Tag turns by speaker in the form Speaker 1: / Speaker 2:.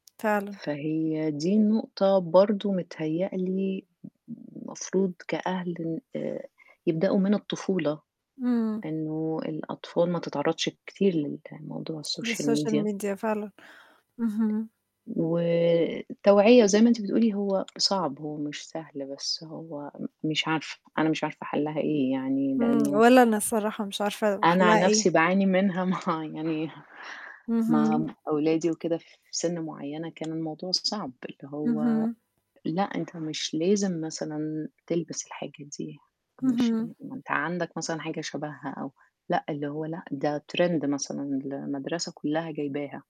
Speaker 1: فعلًا.
Speaker 2: فهي دي النقطة، برضه متهيأ لي مفروض كأهل آآ يبدأوا من الطفولة.
Speaker 1: امم.
Speaker 2: إنه الأطفال ما تتعرضش كتير للموضوع
Speaker 1: دي
Speaker 2: الsocial
Speaker 1: الsocial
Speaker 2: media.
Speaker 1: media فعلًا. اهم.
Speaker 2: والتوعية زَي ما أنتِ بتقولي، هو صعب، هو مش سهل، بس هو م مش عارفة، أنا مش عارفة حَلّها إيه؟ يعني
Speaker 1: امم.
Speaker 2: لأنه
Speaker 1: ولا أنا الصراحة، مش عارفة
Speaker 2: أنا عن
Speaker 1: حَلّها
Speaker 2: نفسي
Speaker 1: إيه؟
Speaker 2: باعاني منها مع يعني مع
Speaker 1: اهم.
Speaker 2: أولادي وكده، في سن معيّنة كان الموضوع صعب، اللي هو
Speaker 1: اهم.
Speaker 2: لأ، أنت مش لازم مثلًا تلبس الحاجة دي، مش
Speaker 1: اهم.
Speaker 2: لا ما أنت عندك مثلًا حاجة شَبها، أو لأ، اللي هو لأ، ده trend مثلًا المدرسة كلّها جايبها.